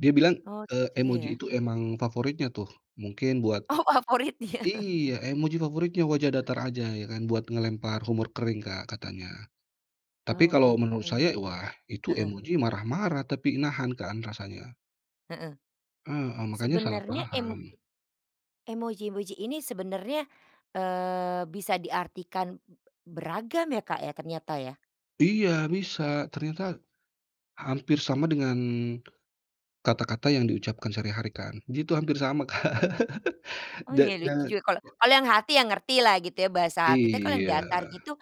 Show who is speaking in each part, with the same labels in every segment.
Speaker 1: Dia bilang,
Speaker 2: Oh,
Speaker 1: eee,
Speaker 2: seperti dia
Speaker 1: emoji
Speaker 2: ya.
Speaker 1: itu emang favoritnya tuh. Mungkin buat
Speaker 2: Oh, favorit dia.
Speaker 1: iya, emoji favoritnya wajah datar aja, ya kan. Buat melempar humor kering Kak, katanya. Tapi
Speaker 2: Oh,
Speaker 1: kalau
Speaker 2: gitu.
Speaker 1: menurut saya, wah itu
Speaker 2: Heeh.
Speaker 1: emoji marah-marah, tapi nahan kan, rasanya.
Speaker 2: Heeh.
Speaker 1: Heeh, makanya salah
Speaker 2: Sebenernya em
Speaker 1: paham.
Speaker 2: emoji-emoji ini sebenarnya, eee, bisa diartikan beragam ya Kak ya, ternyata ya?
Speaker 1: Iya, bisa. Ternyata, hampir sama dengan kata-kata yang diucapkan sehari-hari kan, gitu, hampir sama Kak.
Speaker 2: Mhm. Oh
Speaker 1: Da
Speaker 2: iya, lucu
Speaker 1: jangan
Speaker 2: juga, kalau kalau yang hati ya ngertilah, gitu ya, bahasa hati. Tapi kalau yang
Speaker 1: Iya.
Speaker 2: datar gitu,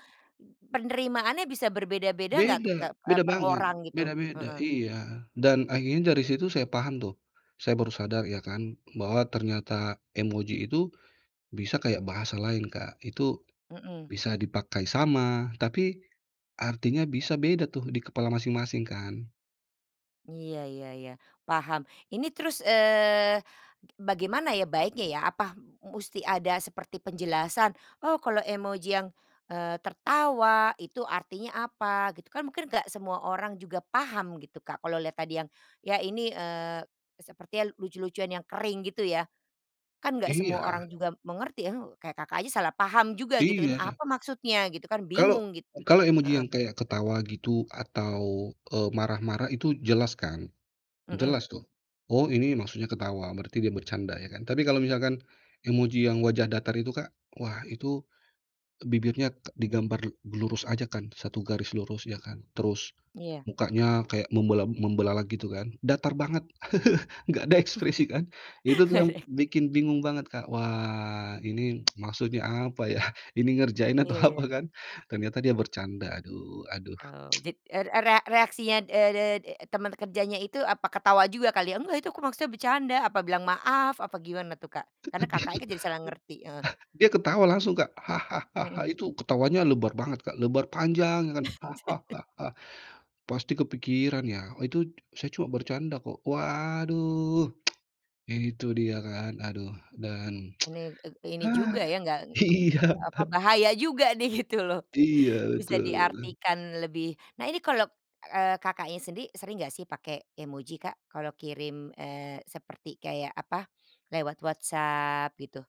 Speaker 2: penerimaannya bisa berbeda-beda nggak tuh
Speaker 1: Beda,
Speaker 2: kek eee,
Speaker 1: beda
Speaker 2: per
Speaker 1: banget.
Speaker 2: orang, gitu?
Speaker 1: Beda-beda,
Speaker 2: Heeh.
Speaker 1: iya. Dan akhirnya dari situ saya paham tuh, saya baru sadar ya kan, bahwa ternyata emoji itu bisa kayak bahasa lain, Kak. Itu
Speaker 2: Mhm.
Speaker 1: bisa dipakai sama, tapi artinya bisa beda tuh, di kepala masing-masing kan.
Speaker 2: Iya iya iya. Paham, ini terus, eee, bagaimana ya baiknya ya, apa musti ada seperti penjelasan? Oh kalau emoji yang, eee, tertawa, itu artinya apa? Gitu. Kan mungkin nggak semua orang juga paham, gitu Kak. Kalau lihat tadi yang ya ini, eee, sepertinya lucu-lucuan yang kering, gitu ya? Kan nggak semua
Speaker 1: Iya.
Speaker 2: orang juga mengerti ya, he kayak Kakak aja salah paham juga, gitu. "Ini
Speaker 1: Iya sa
Speaker 2: apa maksudnya?" Gitu kan,
Speaker 1: Kalau
Speaker 2: bingung gitu,
Speaker 1: kalau emoji
Speaker 2: heeh.
Speaker 1: yang kayak ketawa, gitu, atau, eee, marah-marah itu jelas kan.
Speaker 2: Mhm.
Speaker 1: Jelas tuh. Oh ini maksudnya ketawa, berarti dia bercanda, ya kan. Tapi kalau misalkan emoji yang wajah datar itu Kak, wah itu bibirnya te digambar lurus aja kan? Satu garis lurus, ya kan? Terus,
Speaker 2: Iya.
Speaker 1: mukanya kayak membela membelalak gitu kan? Datar banget. Nggak ada ekspresi kan, itu tuh
Speaker 2: Gak
Speaker 1: yang
Speaker 2: ada ek
Speaker 1: bikin bingung banget Kak. Wah, ini maksudnya apa ya? Ini ngerjain atau
Speaker 2: Iya
Speaker 1: apa
Speaker 2: iya.
Speaker 1: kan? Ternyata dia bercanda, aduh aduh.
Speaker 2: Eee, jad er era reaksinya, eee eee eee, teman kerjanya itu apa ketawa juga kali ya? "Enggak itu aku maksudnya bercanda," apa bilang maaf, apa gimana tuh, Kak? Karena Kakaknya kan jadi salah ngerti, heeh.
Speaker 1: Dia ketawa langsung Kak. "Hahahaha!"
Speaker 2: Mhm.
Speaker 1: Itu ketawanya lebar banget Kak, lebar panjang ya kan, "Hahahaha! Pasti kepikiran ya? Oh itu, saya cuma bercanda kok," waduh. Itu dia kan, aduh dan
Speaker 2: Ini, eee, ini juga ya nggak, eee,
Speaker 1: iya.
Speaker 2: apa, bahaya juga nih, gitu loh.
Speaker 1: Iya,
Speaker 2: Bisa
Speaker 1: betul.
Speaker 2: diartikan lebih. Nah ini kalau, eee, Kakaknya sendiri, sering enggak sih pakai emoji, Kak? Kalau kirim, eee, seperti kayak apa, lewat WhatsApp, gitu?